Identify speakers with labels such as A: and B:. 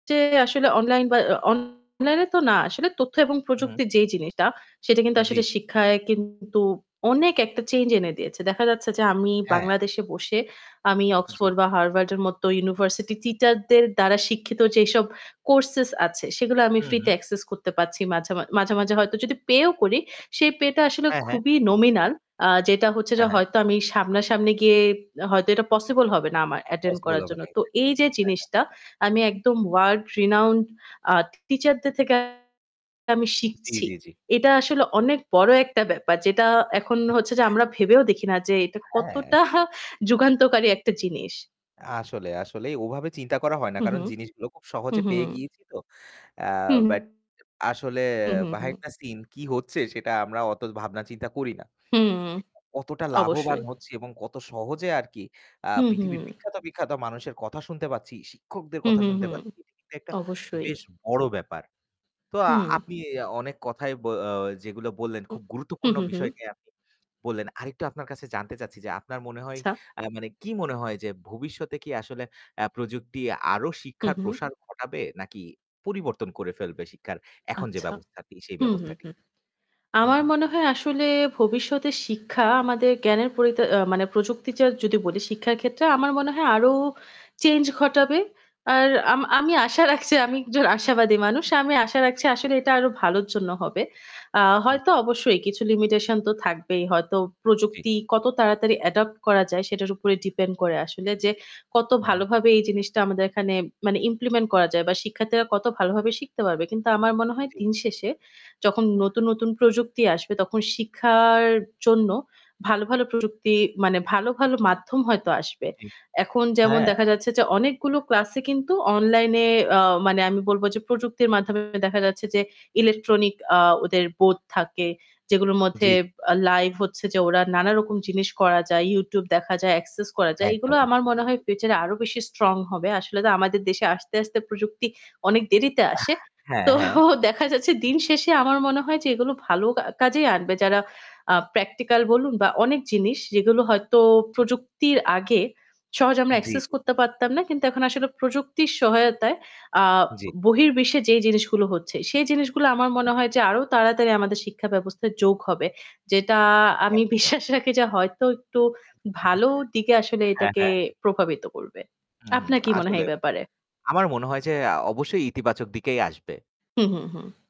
A: চে আসলে online বা অ online এ তো না। আসলে তথ্য এবং
B: উহু।
A: প্রযুক্তির যেই জিনিসটা সেটা কিন্তু আসলে
B: জিত
A: শিক্ষায় কিন্তু অনেক একটা change এনে দিয়েছে। দেখা যাচ্ছে যে আমি
B: হ্যাঁ।
A: বাংলাদেশে বসে আমি
B: জি।
A: Oxford বা Harvard এর মতো university teacher দের দ্বারা শিক্ষিত যেসব courses আছে সেগুলো আমি
B: হু,
A: free তে
B: হু।
A: access করতে পারছি। মাঝে, মাঝ মাঝে, মাঝে হয়তো যদি pay ও করি সেই pay টা আসলে
B: হ্যাঁ, হ্যাঁ।
A: খুবই nominal আ যেটা হচ্ছে য
B: হ্যাঁ, হ্যাঁ।
A: হয়তো আমি সামনা-সামনি গিয়ে হয়তো এটা possible হবে না আমার attend
B: Possible
A: করার
B: হবে
A: জন্য।
B: না।
A: তো
B: Exactly
A: এই যে
B: হ্যাঁ, হ্যাঁ।
A: জিনিসটা আমি একদম world renowned আ teacher দের থেকে আমি
B: জি,
A: শিখছি
B: জি, জি।
A: এটা আসলে অনেক বড় একটা ব্যাপার যেটা এখন হচ্ছে যে আমরা ভেবেও দেখি না যে এটা
B: হ্যাঁ।
A: কতটা যুগান্তকারী একটা জিনিস।
B: আসলে, আসলেই ওভাবে চিন্তা করা হয় না।
A: হু, হু।
B: কারণ জিনিসগুলো খুব
A: হু,
B: সহজে
A: হু,
B: পেয়ে
A: হু।
B: গিয়েছি তো। অ্যা
A: হু।
B: বাট আসলে
A: হু, হু,
B: behind
A: হু।
B: the scene কী হচ্ছে সেটা আমরা অত ভাবনা চিন্তা করি না।
A: হুম।
B: কতটা লাভবান
A: অবশ্যই।
B: হচ্ছি এবং কত সহজে আর কি আ
A: হু, হু।
B: পৃথিবীর বিখ্যাত, বিখ্যাত মানুষের কথা শুনতে পাচ্ছি, শিক্ষকদের
A: হু,
B: কথা
A: হু,
B: শুনতে
A: হু।
B: পাচ্ছি, এটি কিন্তু একটা
A: অবশ্যই।
B: বেশ বড় ব্যাপার। তো আ
A: হুম।
B: আপনি অনেক কথাই ব যেগুলো বললেন,
A: [unintelligible]
B: খুব
A: হু,
B: গুরুত্বপূর্ণ
A: হু, হু।
B: বিষয় নিয়ে আপনি বললেন। আরেকটু আপনার কাছে জানতে চাচ্ছি যে, আপনার মনে হয়,
A: আচ্ছা।
B: আ মানে কী মনে হয় যে ভবিষ্যতে কি আসলে অ্যা প্রযুক্তি আরও
A: হু,
B: শিক্ষার
A: হু।
B: প্রসার ঘটাবে নাকি পরিবর্তন করে ফেলবে শিক্ষার এখন যে
A: আচ্ছা।
B: ব্যবস্থাটি সেই
A: হু, হু,
B: ব্যবস্থাটি?
A: হু।
B: হু,
A: আমার
B: হু।
A: মনে হয় আসলে ভবিষ্যতে শিক্ষা আমাদের জ্ঞানের পরিতা আ মানে প্রযুক্তির যে যদি বলি শিক্ষার ক্ষেত্রে আমার মনে হয় আরও change ঘটাবে। আর আম আমি আশা রাখছি আমি একজন আশাবাদী মানুষ। আমি আশা রাখছি আসলে
B: [unintelligible]
A: এটা আরও ভালোর জন্য হবে। আ
B: হুম।
A: হয়তো অবশ্যই কিছু limitation তো থাকবেই। হয়তো
B: জি।
A: প্রযুক্তি কত তাড়াতাড়ি adopt করা যায় সেটার উপরে depend করে আসলে
B: জি।
A: যে কত
B: হু, হু।
A: ভালোভাবে এই জিনিসটা আমাদের এখানে মানে implement করা যায় বা শিক্ষার্থীরা কত ভালো ভাবে শিখতে পারবে। কিন্তু আমার মনে হয়
B: জি।
A: দিনশেষে যখন নতুন, নতুন প্রযুক্তি আসবে তখন শিক্ষার জন্য ভালো, ভালো প্রযুক্তি মানে ভালো, ভালো মাধ্যম হয়তো আসবে।
B: জি,
A: এখন যেমন
B: হ্যাঁ।
A: দেখা যাচ্ছে যে অনেকগুলো ক্লাসই কিন্তু online এ আ মানে আমি বলব যে প্রযুক্তির মাধ্যমে দেখা যাচ্ছে যে electronic আ ওদের board থাকে যেগুলোর
B: জি,
A: মধ্যে
B: জি।
A: আ live হচ্ছে যে ওরা নানারকম জিনিস করা যায়, YouTube দেখা যায়, access করা যায়। এই গুলো
B: একদম,
A: আমার
B: একদম।
A: মনে হয়
B: জি।
A: future এ আরও বেশি strong হবে। আসলে তো আমাদের দেশে আস্তে, আস্তে প্রযুক্তি অনেক দেরিতে
B: আহ,
A: আসে।
B: হ্যাঁ,
A: তো
B: হ্যাঁ।
A: দেখা যাচ্ছে দিনশেষে আমার মনে হয় যে এগুলো ভালো কা কাজেই আনবে। যারা আ practical বলুন বা অনেক জিনিস যেগুলো হয়তো
B: জি।
A: প্রযুক্তির আগে সহজে আমরা
B: জি,
A: access
B: জি।
A: করতে পারতাম না। কিন্তু এখন আসলে প্রযুক্তির সহায়তায় আ
B: জি।
A: বহির্বিশ্বে যেই জিনিসগুলো হচ্ছে সেই জিনিসগুলো আমার
B: আ
A: মনে হয় যে আরও তাড়াতাড়ি আমাদের শিক্ষাব্যবস্থায় যোগ হবে। যেটা আমি
B: একদম।
A: বিশ্বাস রাখি যে হয়তো একটু ভালো দিকে আসলে
B: হ্যাঁ,
A: এটাকে
B: হ্যাঁ।
A: প্রভাবিত করবে।
B: হু, হু।
A: আপনার কি মনে হয়
B: আসলে
A: এই ব্যাপারে?
B: আমার মনে হয় যে আ অবশ্যই ইতিবাচক দিকেই আসবে।
A: হু, হু, হু।